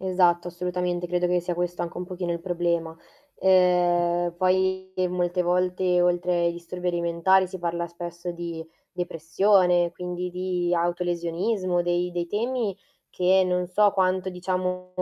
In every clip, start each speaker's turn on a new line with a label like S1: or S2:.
S1: Esatto, assolutamente credo che sia questo anche un pochino il problema.
S2: Mh.
S1: Ehm, poi molte volte, oltre ai disturbi alimentari, si parla spesso di depressione, quindi di autolesionismo, dei dei temi che non so quanto, diciamo,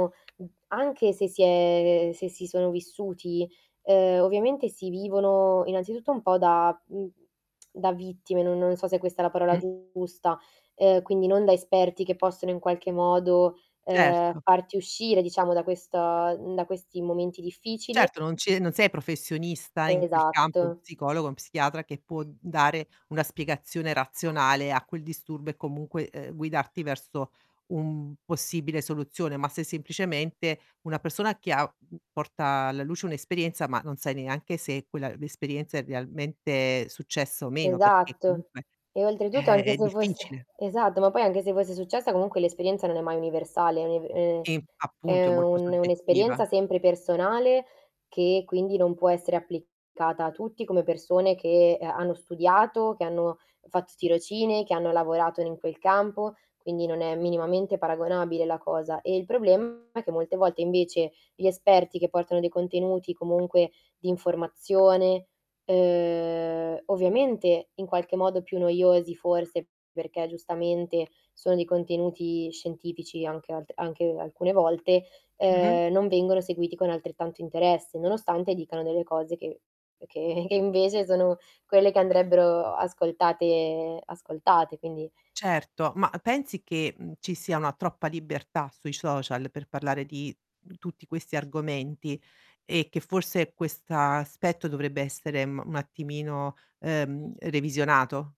S1: anche se si è se si sono vissuti, ehm, ovviamente si vivono, innanzitutto un po' da, mhmm, da vittime, no non so se questa è la parola
S2: Mh.
S1: giusta, ehm, quindi non da esperti che possono in qualche modo, ehm,
S2: Certo.
S1: farti uscire diciamo da questo da questi momenti difficili.
S2: Certo, non ci è non sei professionista in quel campo, uno
S1: Esatto.
S2: psicologo, un psichiatra che può dare una spiegazione razionale a quel disturbo e comunque, ehm, guidarti verso un possibile soluzione, ma se semplicemente una persona che ha, uhm, porta alla luce un'esperienza, ma non sai neanche se quella l'esperienza è realmente successa o meno, perché
S1: Esatto.
S2: comunque
S1: E oltretutto
S2: Eh,
S1: anche
S2: è
S1: se fosse
S2: difficile.
S1: esatto, ma poi anche se fosse successa comunque l'esperienza non è mai universale, è uni ehm
S2: Sì, appunto, è
S1: È
S2: molto
S1: un
S2: soggettiva.
S1: un'esperienza sempre personale che quindi non può essere applicata a tutti come persone che ha hanno studiato, che hanno fatto tirocini, che hanno lavorato ne in quel campo, quindi non è minimamente paragonabile la cosa, ehm, il problema è che molte volte invece gli esperti che portano dei contenuti comunque di informazione, ehm, ovviamente in qualche modo più noiosi forse, perché giustamente sono di contenuti scientifici anche alt alche alcune volte,
S2: Mh-mh.
S1: ehm, non vengono seguiti con altrettanto interesse, nonostante dicano delle cose che che che invece sono quelle che andrebbero ascoltate ascoltate quindi
S2: Certo, ma pensi che, mhmm, ci sia una troppa libertà sui social per parlare di tutti questi argomenti e che forse quest'aspetto dovrebbe essere, mhmm, un attimino, ehm, revisionato?